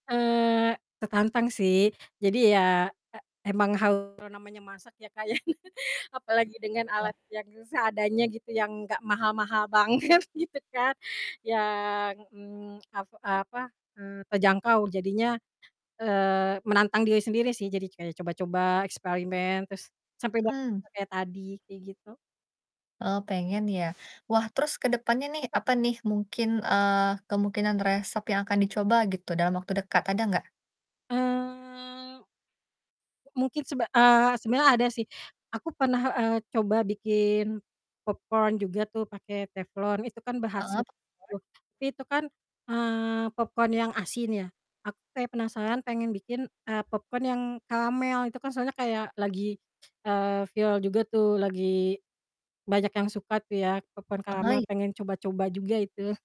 Eee, tertantang sih, jadi ya, eee, emang harus, eee, namanya masak ya, Kak, ya, apalagi dengan alat Ya. yang seadanya gitu, yang gak mahal-mahal banget, gitu kan, yang, mmm, ap apa, eee, terjangkau jadinya, eee, menantang diri sendiri sih, jadi kayak coba-coba, eksperimen, terus sampai dapat Mhm. kayak tadi, kayak gitu. Oh, pengen ya? Wah, terus ke depannya nih, apa nih, mungkin, eee, kemungkinan resep yang akan dicoba, gitu, dalam waktu dekat, ada nggak? Eee, mungkin sebe eee, sebenernya ada sih. Aku pernah, eee, coba bikin popcorn juga tuh pakai teflon, itu kan berhasil Heeh, popcorn. tuh. Tapi itu kan, eee, popcorn yang asin ya, aku kayak penasaran pengen bikin, eee, popcorn yang karamel, itu kan soalnya kayak lagi, eee, viral juga tuh, lagi banyak yang suka tuh ya, popcorn karamel, Ahay. pengen coba-coba juga itu.